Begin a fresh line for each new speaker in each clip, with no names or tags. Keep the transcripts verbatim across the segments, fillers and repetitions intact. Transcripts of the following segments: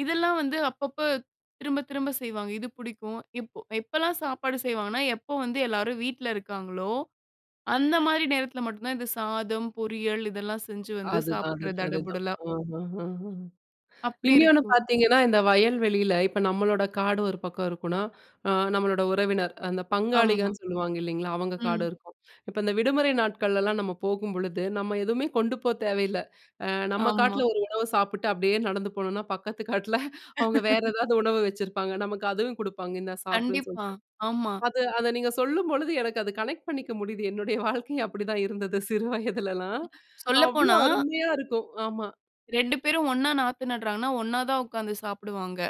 இதெல்லாம் வந்து அப்பப்ப திரும்ப திரும்ப செய்வாங்க. இது புடிக்கும். இப் எப்பலாம் சாப்பாடு செய்வாங்கன்னா, எப்போ வந்து எல்லாரும் வீட்ல இருக்காங்களோ! அந்தமாரி நேரத்தில மட்டும் தான் இது சாதம், பொரியல் இதெல்லாம் செஞ்சு வந்து
அதுதான்
சாப்பிடுறது
அதுதான் அதுதான்.
தடபுடலா.
அஹஹஹ.
அப்பிடி
இன்யோன்னு
இருக்கும்.
பார்த்தீங்கன்னா, இந்த வயல் வெளியில இப்ப நம்மளோட காடு ஒரு பக்கம் இருக்குன்னா, ஆ நம்மளோட உறவினர், அந்த
ஆமா.
பங்காளிகன்னு சொல்லுவாங்க இல்லேங்களா! அவுங்க காடு
ம்.
இருக்கும். இப்ப இந்த விடுமுறை நாட்கள்லலாம் நம்ம போகும்பொழுது, நம்ம எதுவுமே கொண்டு போ தேவையில்ல. அ நம்ம
ஆமா.
காட்ல ஒரு உணவு சாப்பிட்டு அப்பிடியே நடந்து போனோன்னா பக்கத்து காட்ல அவுங்க வேற எதாவது உணவு வச்சிருப்பாங்க. நமக்கு அதுவும் குடுப்பாங்க. இந்தா சாப்பிடுன்னு
கண்டிப்பா,
சொல்லிட்டு.
ஆமா.
அது அத நீங்க சொல்லும் பொழுது எனக்கு அது கனெக்ட் பண்ணிக்க முடியுது. என்னுடைய வாழ்க்கையும் அப்பிடிதான் இருந்தது சிறு வயதுலல்லாம். அவ்ளோ
சொல்லப்போனா
அருமையா இருக்கும். ஆமா.
ரெண்டு பேரும் ஒண்ணா நாத்து நடுறாங்கன்னா, ஒண்ணா தான் உட்கார்ந்து சாப்பிடுவாங்க.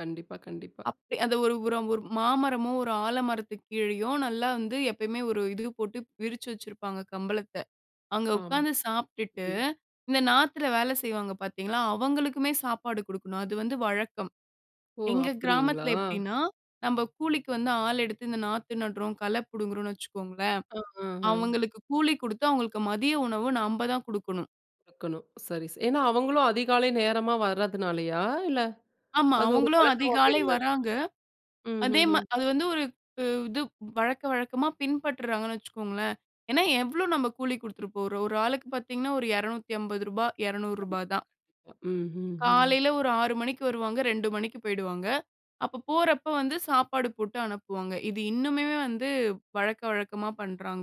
கண்டிப்பா, கண்டிப்பா.
அப்ப அத ஒரு ஒரு ஒரு மாமரமோ! ஒரு ஆலமரத்துக்கு கீழயும் நல்லா வந்து எப்பயுமே ஒரு இது போட்டு விரிச்சு வச்சிருப்பாங்க கம்பளத்த. அங்க
ஆம்.
உட்காந்து சாப்பிட்டுட்டு,
ம்.
இந்த நாத்துல வேலை செய்வாங்க பார்த்தீங்களா, அவங்களுக்குமே சாப்பாடு குடுக்கணும். அது வந்து வழக்கம்.
ஓ!
எங்க
அப்பிடீங்களா?
கிராமத்தில எப்பிடீன்னா, நம்ப கூலிக்கு வந்து ஆள் எடுத்து இந்த நாத்து நடுறோம், கள புடுங்குறோம்ன்னு வச்சுக்கோங்களேன்!
ஆ. ஆ, ஆ.
அவுங்களுக்கு கூலி குடுத்து அவுங்களுக்கு மதிய உணவு நம்ப தான் குடுக்கணும்.
[unintelligible] சரி, சரி. ஏன்னா அவுங்களும் அதிகாலை நேரமா வரதுனாலயா? இல்ல,
ஆமா.
அது ஒரு
அவுங்களும்
வழக்கமாவே
அதிகாலை
இருந்தது.
வர்றாங்க.
ம்,
அதே
ம்,
மா
ம்.
அது வந்து ஒரு கு இது வழக்க வழக்கமா பின்பற்றாங்கன்னு வச்சுக்கோங்களேன்! ஏன்னா எவ்ளோ நம்ப கூலி குடுத்துட போறோம். ஒரு ஆளுக்கு பார்த்தீங்கன்னா ஒரு எறநூத்தி அம்பது ரூபா எறநூ ரூபா
கண்டிப்பா,
தான்.
கண்டிப்பா. ம், ம், ம்.
காலைல ஒரு ஆறு மணிக்கு வருவாங்க. ரெண்டு மணிக்கு போயிடுவாங்க. அப்ப போறப்ப வந்து சாப்பாடு போட்டு அனுப்புவாங்க. இது இன்னுமே வந்து வழக்க, வழக்கமா பண்றாங்க.